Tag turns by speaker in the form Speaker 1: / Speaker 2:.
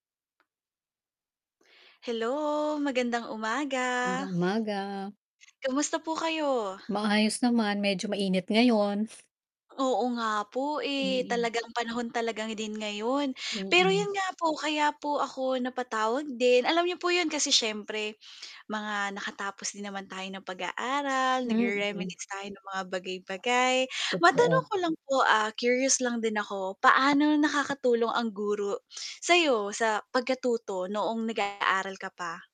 Speaker 1: Hello. magandang umaga.
Speaker 2: Magandang umaga.
Speaker 1: Kamusta po kayo?
Speaker 2: Maayos naman, medyo mainit ngayon.
Speaker 1: Oo nga po eh,
Speaker 2: Mm.
Speaker 1: talagang panahon talagang din ngayon, pero
Speaker 2: Mm.
Speaker 1: yun nga po kaya po ako napatawag din, alam n'yo po yun kasi syempre mga nakatapos din naman tayo ng pag-aaral,
Speaker 2: Mm.
Speaker 1: nag-re-reminisce tayo ng mga bagay-bagay. Matanong
Speaker 2: Totoo.
Speaker 1: ko lang po, ah, curious lang din ako, paano nakakatulong ang guro sayo sa pagkatuto noong nag-aaral ka pa?